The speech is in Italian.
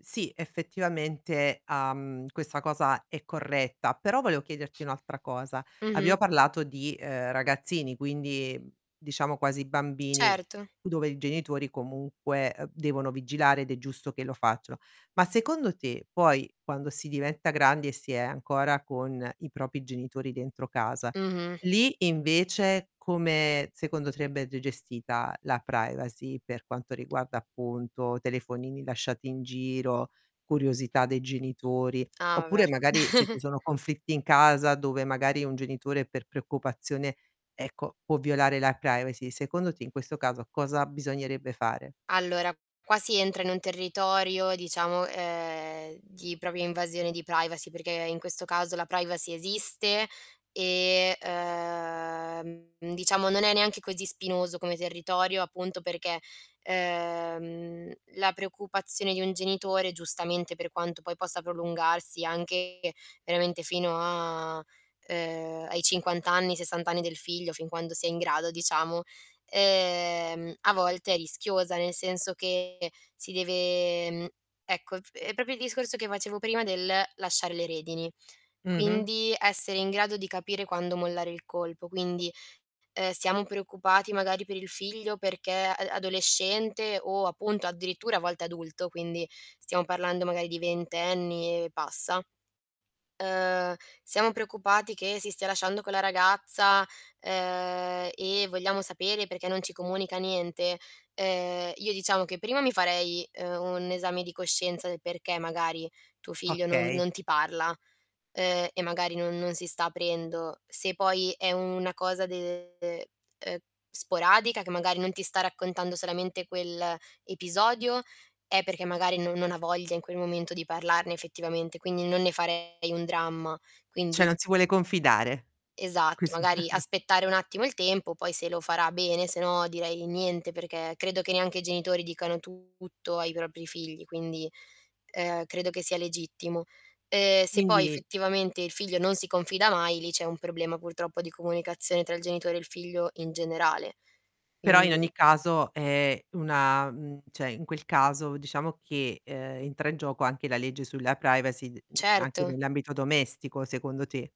Sì, effettivamente, uhm, questa cosa è corretta, però, volevo chiederti un'altra cosa. Abbiamo Mh-mh. parlato di, uhm, ragazzini, quindi, mhmm, diciamo quasi bambini, Certo. dove i genitori comunque, uhm, devono vigilare ed è giusto che lo facciano. Ma secondo te, poi, quando si diventa grandi e si è ancora con i propri genitori dentro casa, Mh-mh. lì invece come, secondo te, andrebbe gestita la privacy, per quanto riguarda, appunto, telefonini lasciati in giro, curiosità dei genitori? Ah, vabbè. Oppure, magari, se ci sono conflitti in casa dove, magari, un genitore per preoccupazione, ecco, può violare la privacy, secondo te, in questo caso cosa bisognerebbe fare? Allora, qua si entra in un territorio diciamo, uhm, di propria invasione di privacy, perché in questo caso la privacy esiste e, uhm, diciamo non è neanche così spinoso come territorio, appunto, perché, ehm, la preoccupazione di un genitore, giustamente per quanto poi possa prolungarsi anche veramente fino a uhm, ai 50 anni, ai 60 anni del figlio, fin quando si è in grado, diciamo, ehm, a volte è rischioso. Nel senso che si deve mhmm, ecco, f è proprio il discorso che facevo prima del lasciare le redini. Mh-mh. Quindi, essere in grado di capire quando mollare il colpo. Quindi, uhm: "Siamo preoccupati magari per il figlio perché a adolescente", o appunto addirittura a volte adulto, quindi, stiamo parlando magari di ventenni e passa. Uhm: "Siamo preoccupati che si stia lasciando con la ragazza, uhm, e vogliamo sapere perché non ci comunica niente." Uhm, io diciamo che primo mi farei, uhm, un esame di coscienza del perché, magari, tuo figlio non Okay. non ti parla, uhm, e magari non non si sta aprendo. Se poi è una cosa de uhm, sporadica che magari non ti sta raccontando solamente quell'episodio, è perché magari no non ha voglia in quel momento di parlarne effettivamente, quindi non ne farei un dramma. Cioè, Quindi non si vuole confidare, Esatto, così magari aspettare un attimo il tempo, poi se lo farà bene, se no direi niente, perché credo che neanche i genitori dicano tutto ai propri figli quindi, uhm, credo che sia legittimo. Ehm, se poi Quindi effettivamente il figlio non si confida mai, lì c'è un problema, purtroppo, di comunicazione tra il genitore e il figlio in generale. Però in Quindi ogni caso è una mhmm, cioè, in quel caso diciamo che, uhm, entra in gioco anche la legge sulla privacy, d mhmm, anche Certo. nell'ambito domestico, secondo te?